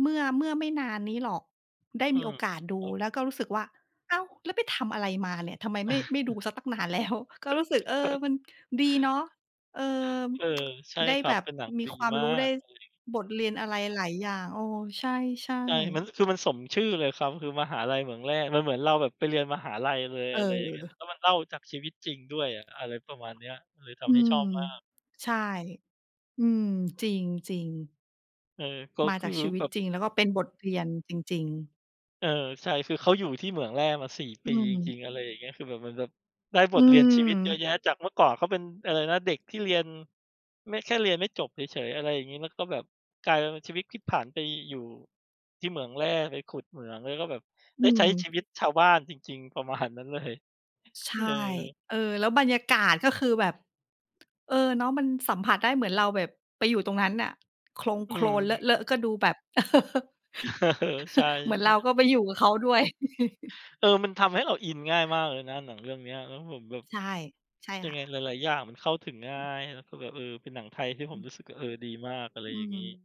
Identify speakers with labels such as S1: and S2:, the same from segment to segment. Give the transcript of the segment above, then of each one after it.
S1: เมื่อ เมื่อไม่นานนี้หรอก ได้
S2: อื
S1: มีโอ
S2: ม
S1: กาสดู
S2: ครับ
S1: แล้วก็รู้สึกว่า อ้าว แล้วไปทำอะไรมาเนี่ย ทำไม ไม่ ไม่ดูซะตั้งนาน แล้ว ก็รู้สึก เออ มันดีเนาะ เออ
S2: เออ ใช่
S1: ได้
S2: คร
S1: แ
S2: ั
S1: บ
S2: บ
S1: บ
S2: เป็นหนัง
S1: มี
S2: ดี
S1: ความ
S2: มา
S1: รู้ได้
S2: กเลย
S1: บทเรียนอะไรหลายอย่าง เออ ใช่ ใช่
S2: ใช่ มัน คือมันสมชื่อเลยครับ คือ มหาลัยเหมืองแร่ มันเหมือนเราแบบไปเรียนมหาลัยเลย
S1: เ
S2: อะไรอย่างเงี้ย
S1: ออ
S2: แล้วมันเล่าจากชีวิตจริงด้วยอะ อะไรประมาณเนี้ย เลยท
S1: อื
S2: ำให้ชอบ
S1: ม
S2: มาก
S1: ใช่ อืม จริง จริง
S2: เออ ก็
S1: มา
S2: ค
S1: จ
S2: ื
S1: า
S2: อ
S1: กชีว
S2: แ
S1: ิต
S2: บบ
S1: จริง แล้วก็เป็นบทเรียนจริง ๆ
S2: เออ ใช่ คือเขาอยู่ที่เหมืองแร่มา 4
S1: อ
S2: ป
S1: ื
S2: ีจร
S1: ม
S2: ิง ๆ อะไรอย่างเงี้ย คือแบบ เหมือนแบบได้บ
S1: อื
S2: ทเรียนชีวิตเยอะ
S1: ม
S2: แยะ จากเมื่อก่อนเขาเป็นอะไรนะ? เด็กที่เรียน ไม่ แค่เรียนไม่จบเฉย ๆ อะไรอย่างเงี้ย แล้วก็แบบกลายเป็นชีวิตพลิก ผันไปอยู่ที่เหมืองแร่ ไปขุดเหมืองแล้วก็แบบ
S1: อ
S2: ไ
S1: ื
S2: ด้ใช้
S1: ม
S2: ชีวิตชาวบ้านจริง ๆ ประมาณนั้นเลย
S1: ใช
S2: เ
S1: ่
S2: ออ
S1: เออ แล้วบรรยากาศก็คือแบบ เออ เนาะ มันสัมผัสได้เหมือนเราแบบไปอยู่ตรงนั้นน่ะ โคลง
S2: อ
S1: โ
S2: ื
S1: คลนเ
S2: ม
S1: ลอะ ๆ ก็ดูแบบ
S2: เออ ใช่
S1: เหมือนเราก
S2: ๆ
S1: ็ไปอยู่กับเขาด้วย
S2: เออ มันทำให้เราอินง่ายมากเลยนะ หนังเรื่องเนี้ย แล้วผมแบบ
S1: ใช่ ใช่
S2: ยั
S1: ค
S2: งไ
S1: ่
S2: ง
S1: ะ
S2: หลาย ๆ อย่างมันเข้าถึงง่
S1: อ
S2: า
S1: ืม
S2: ย แล้วก็แบบ เออ เป็นหนังไทยที่ผ
S1: อ
S2: ม
S1: ืม
S2: รู้สึก เออ ดีมากอะไร
S1: อื
S2: อย่าง
S1: ม
S2: งี้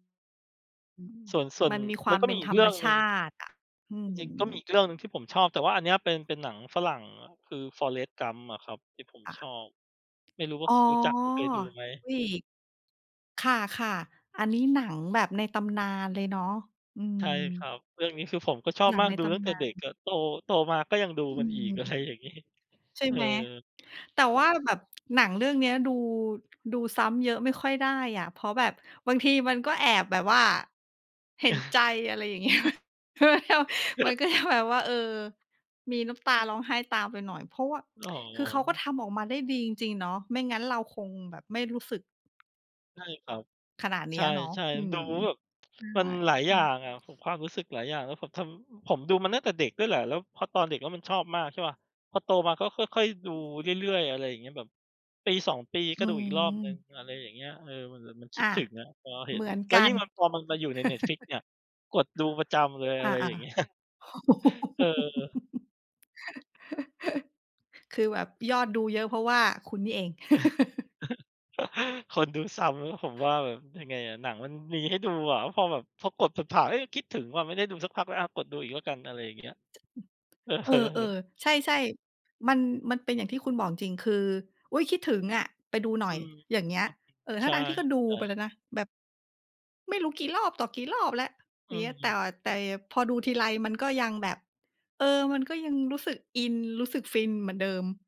S1: อืม
S2: ส่วน ส่ว
S1: ม
S2: น
S1: ันมีค
S2: ม
S1: ว
S2: ั
S1: า
S2: น
S1: ม
S2: ก็
S1: เป
S2: ม
S1: ็
S2: ี
S1: น
S2: อี
S1: ธร
S2: กเร
S1: ร
S2: ื
S1: ม
S2: ่อง
S1: ช
S2: หนึ
S1: า
S2: ่ง
S1: ติอะ อื
S2: จริง ๆ ก็มี
S1: ม
S2: อีกเรื่องหนึ่งที่ผมชอบ แต่ว่าอันเนี้ย เป็น เป็นหนังฝรั่งอะ คือ Forrest Gump อะครับ ที่ผม
S1: ค่ะ
S2: ชอบ ไม่รู้ว่
S1: อ๋
S2: า
S1: อ
S2: ค รู้จักหรือเคยดูไหม?
S1: เฮ้ย ค่ะ ค่ะ อัน นี้หนังแบบในตำนานเลยเนาะ อืม
S2: ใช่ครับ เรื่องนี้ คือ ผมก็ชอบ
S1: หนัง
S2: มา
S1: ใ
S2: ก
S1: น
S2: ดู
S1: ต
S2: ตั้ง
S1: ำ
S2: แต
S1: น
S2: ่
S1: า
S2: เด็ก
S1: น
S2: อะ โต โตมาก็ยังดู
S1: อ
S2: ม
S1: ื
S2: ันอี
S1: ม
S2: ก อะไรอย่างงี้
S1: ใช่
S2: เออ
S1: ไหม? แต่ว่าแบบ หนังเรื่องเนี้ยดู ดูซ้ำเยอะไม่ค่อยได้อะ เพราะแบบบางทีมันก็แอบแบบว่า เห็นใจ อะไรอย่าง เงี้ย มันก็จะแบบว่า เออ มีน้ำตาร้องไห้ตามไปหน่อย เพราะว่า
S2: อ๋อ
S1: คือเขาก็ทำออกมาได้ดีจริง ๆ เนอะ ไม่งั้นเราคงแบบไม่รู้สึก
S2: ใช่ครับ
S1: ขนาดเนี
S2: ใช
S1: ้ยเนาะ
S2: ่
S1: อื
S2: ๆ
S1: ม
S2: ดูแล้วแบบ
S1: ใช่
S2: มันหลาย
S1: อ
S2: อ
S1: ื
S2: ย่า
S1: ม
S2: งอะ ผม ความรู้สึกหลายอย่าง แล้วผมทำ ผมดูมาตั้งแต่เด็กด้วยแหละ แล้วพอตอนเด็กแล้วมันชอบมากใช่เปล่า? พอโตมาก็ค่อย ๆ ดูเรื่อย ๆ อะไรอย่างเงี้ย แบบ 1-2 ปีก
S1: อื
S2: ็ดูอีกรอบหนึ่ง
S1: ม
S2: อะไรอย่างเงี้ย เออ มันแบบมันค
S1: อ
S2: ิด
S1: า
S2: ถึงอะ พอเห
S1: เ
S2: ็
S1: หม
S2: น
S1: ือน
S2: แล้
S1: ก
S2: ว
S1: ั
S2: ยิ
S1: น
S2: ่งพอมันมาอยู่ใน Netflix เนี่ย กดดูประจำเลย
S1: อ
S2: อะ
S1: า
S2: ไรอย่าง เง
S1: ๆ
S2: ี้ย เออ
S1: คือแบบยอดดูเยอะ เพราะว่าคุณนี่เอง
S2: คนดูซ้ำแล้วผมว่าแบบยังไงอะ หนังมันมีให้ดูอะ พอแบบ พอกดผ่าน ๆ เอ๊ะ คิดถึงว่ะ ไม่ได้ดูสักพักแล้ว อะ กดดูอีกแล้วกัน อะไรอย่างเงี้ย เอ
S1: เออ
S2: อ
S1: ๆ ใช่ ๆ มัน มันเป็นอย่างที่คุณบอกจริง ๆ คือ อุ๊ย คิดถึงอะ ไปดูหน่
S2: อ
S1: อ
S2: ื
S1: ย
S2: ม
S1: อย่างเงี้ย เออ ท
S2: ใช่
S1: ั้ง ๆ ที่ก็ดูไป
S2: ๆ
S1: แล้วนะ แบบ ไม่รู้กี่รอบต่อกี่รอบแล้ว
S2: อื
S1: แต
S2: อ
S1: ่ แต่อย่างพอดูทีไรมันก็ยังแบบ เออ มันก็ยังรู้สึกอิน รู้สึกฟินเหมือนเดิม